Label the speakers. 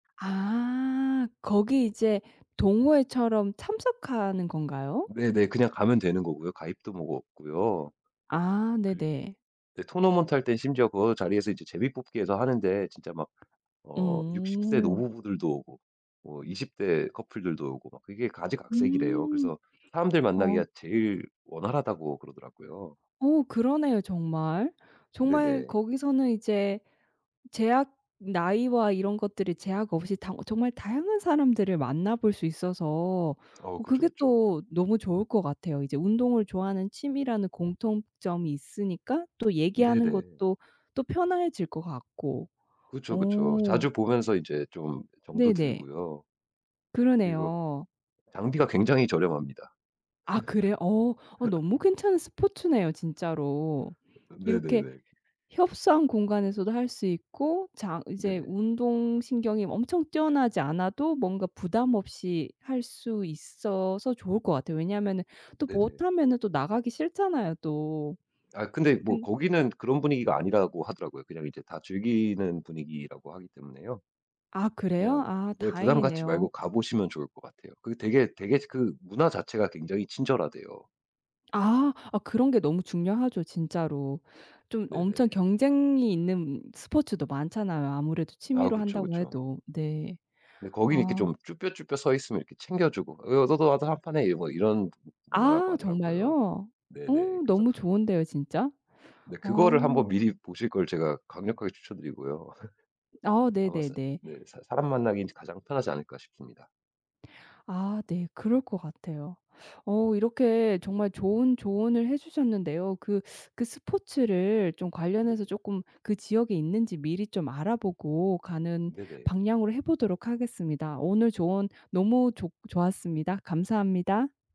Speaker 1: 아 거기 이제 동호회처럼 참석하는 건가요?
Speaker 2: 네네 그냥 가면 되는 거고요. 가입도 뭐고 없고요.
Speaker 1: 아
Speaker 2: 그리
Speaker 1: 네네.
Speaker 2: 네 토너먼트할 땐 심지어 그 자리에서 이제 제비 뽑기 해서 하는데 진짜 막 어 60 세
Speaker 1: 음.
Speaker 2: 노부부들도 오고 뭐 20 대 커플들도 오고 막 그게 가지각색이래요.
Speaker 1: 음.
Speaker 2: 그래서 사람들
Speaker 1: 어.
Speaker 2: 만나기가 제일 원활하다고 그러더라고요.
Speaker 1: 어 그러네요 정말. 정말
Speaker 2: 네네.
Speaker 1: 거기서는 이제 제약 나이와 이런 것들이 제약 없이 다 정말 다양한 사람들을 만나 볼 수 있어서
Speaker 2: 어
Speaker 1: 어
Speaker 2: 그쵸,
Speaker 1: 그게
Speaker 2: 그쵸.
Speaker 1: 또 너무 좋을 것 같아요. 이제 운동을 좋아하는 취미라는 공통점이 있으니까 또 얘기하는
Speaker 2: 네네.
Speaker 1: 것도 또 편해질 것 같고.
Speaker 2: 그쵸, 그쵸.
Speaker 1: 어.
Speaker 2: 자주 보면서 이제 좀 정도
Speaker 1: 네네.
Speaker 2: 들고요. 그리고
Speaker 1: 그러네요.
Speaker 2: 장비가 굉장히 저렴합니다.
Speaker 1: 아 그래요? 어. 어 너무 괜찮은 스포츠네요, 진짜로. 이렇게
Speaker 2: 네네네.
Speaker 1: 협소한 공간에서도 할 수 있고 장 이제
Speaker 2: 네네.
Speaker 1: 운동신경이 엄청 뛰어나지 않아도 뭔가 부담 없이 할 수 있어서 좋을 것 같아요. 왜냐면은 또
Speaker 2: 네네.
Speaker 1: 못하면은 나가기 싫잖아요 또.
Speaker 2: 아 근데 뭐
Speaker 1: 근
Speaker 2: 거기는 그런 분위기가 아니라고 하더라고요. 그냥 이제 다 즐기는 분위기라고 하기 때문에요.
Speaker 1: 아
Speaker 2: 그냥
Speaker 1: 그래요? 아
Speaker 2: 네 부담 갖지 말고
Speaker 1: 다행이네요.
Speaker 2: 가보시면 좋을 것 같아요. 그 되게 되게 그 문화 자체가 굉장히 친절하대요.
Speaker 1: 아 아 그런 게 너무 중요하죠 진짜로. 좀 엄청
Speaker 2: 네네.
Speaker 1: 경쟁이 있는 스포츠도 많잖아요 아무래도
Speaker 2: 아
Speaker 1: 취미로
Speaker 2: 그쵸,
Speaker 1: 한다고
Speaker 2: 그쵸.
Speaker 1: 해도. 네.
Speaker 2: 네 거기는 이렇게
Speaker 1: 아.
Speaker 2: 좀 쭈뼛쭈뼛 서 있으면 챙겨주고 "어 너도 너도 한판해." 뭐 이런 문화라고
Speaker 1: 아
Speaker 2: 하더라고요.
Speaker 1: 정말요? 어
Speaker 2: 네네. 그래서
Speaker 1: 너무 좋은데요 진짜.
Speaker 2: 네. 그거를
Speaker 1: 어.
Speaker 2: 한번 미리 보실 걸 제가 강력하게 추천드리고요.
Speaker 1: 아
Speaker 2: 아마 서
Speaker 1: 네네네.
Speaker 2: 네 사 '사람 만나긴 가장 편하지 않을까.' 싶습니다.
Speaker 1: 아 네 그럴 것 같아요. 어 이렇게 정말 좋은 조언을 해 주셨는데요. 그 그 스포츠를 좀 관련해서
Speaker 2: 네네.
Speaker 1: 쪼끔 그 지역에 있는지 미리 좀 알아보고 가는
Speaker 2: 네네.
Speaker 1: 방향으로 해 보도록 하겠습니다. 오늘 조언 너무 좋 좋았습니다. 감사합니다.